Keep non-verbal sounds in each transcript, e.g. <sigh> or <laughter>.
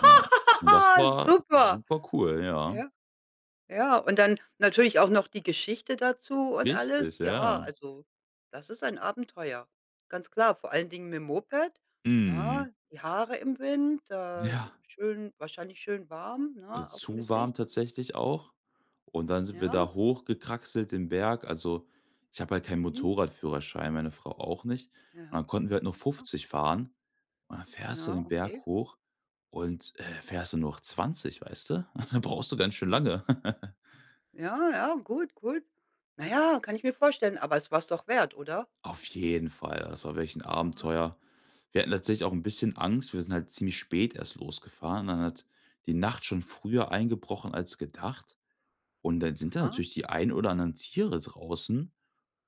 Genau. Und das war Super. super cool, ja. Ja. Ja. Und dann natürlich auch noch die Geschichte dazu und alles. Richtig, Ja, ja. also, das ist ein Abenteuer, ganz klar. Vor allen Dingen mit 'm Moped, ja, Mhm. die Haare im Wind, da Ja. schön wahrscheinlich schön warm, ne? Ist Aufm zu Gesicht? warm tatsächlich auch. Und dann sind wir Ja. da hochgekraxelt, den Berg. Also, ich habe halt keinen Mhm. Motorradführerschein, meine Frau auch nicht. Und Ja. dann konnten wir halt noch Ja. 50 fahren. Und dann fährst du Ja, den okay. Berg hoch und, äh, fährst nur noch 20, weißt du? <chuckles> Brauchst du ganz schön Mhm. lange. <laughs> Ja, ja, gut, gut. Naja, kann ich mir vorstellen, aber es war es doch wert, oder? Auf jeden Fall. Also, das war wirklich 'n Ja. Abenteuer. Wir hatten tatsächlich auch 'n bisschen Angst. Wir sind halt ziemlich spät erst losgefahren. Dann hat die Nacht schon früher eingebrochen als gedacht. Und dann sind da Aha. natürlich die einen oder anderen Tiere draußen.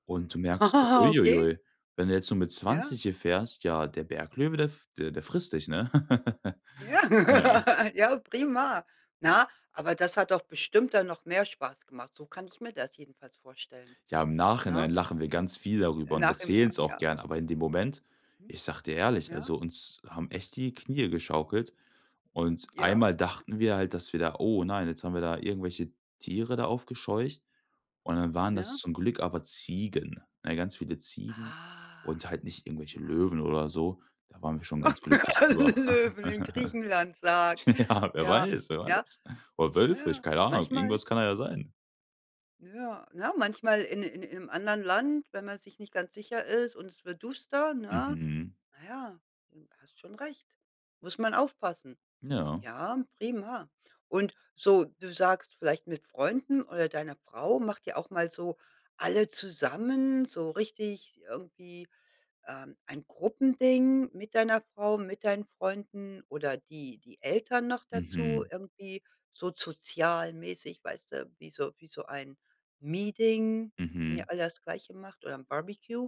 Und du merkst, <laughs> ui, ui, Okay. ui. Wenn du jetzt nur mit Ja. 20 hier fährst, ja, der Berglöwe, der f der der frisst dich, ne? <laughs> Ja Ja. <laughs> Ja, prima. Na, aber das hat doch bestimmt dann noch mehr Spaß gemacht. So kann ich mir das jedenfalls vorstellen. Ja, im Ne? Nachhinein lachen wir ganz viel darüber <unintelligible> und erzählen's auch Ja. gern, aber in dem Moment, Mhm. ich sage dir ehrlich, Ja. also, uns haben echt die Knie geschaukelt. Und Ja. einmal dachten wir halt, dass wir da „Oh nein, jetzt haben wir da irgendwelche Tiere da aufgescheucht”, und dann waren das Ja. zum Glück aber Ziegen, ne? Ganz viele Ziegen Ah. und halt nicht irgendwelche Ja. Löwen oder so. Da waren wir schon ganz glücklich drüber. <laughs> Löwen, in <laughs> Griechenland, sage Ja, wer Ja. weiß, wer Ja. weiß? Oder Wölfe, ich Ja, keine Ahnung, manchmal irgendwas kann ja da sein. Ja, ne, manchmal in in im anderen Land, wenn man sich nicht ganz sicher ist und es wird duster, ne? Mhm. Naja, hm, hast schon recht. Muss man aufpassen. Ja. Ja, prima. Und so du sagst vielleicht mit Freunden oder deiner Frau macht ihr auch mal so alle zusammen, so richtig irgendwie, ähm, ein Gruppending, mit deiner Frau, mit deinen Freunden oder die die Eltern noch dazu, Mhm. irgendwie so sozialmäßig, weißt du, wie so wie so ein Meeting, wenn ihr Mhm. alle das Gleiche macht oder 'n Barbecue?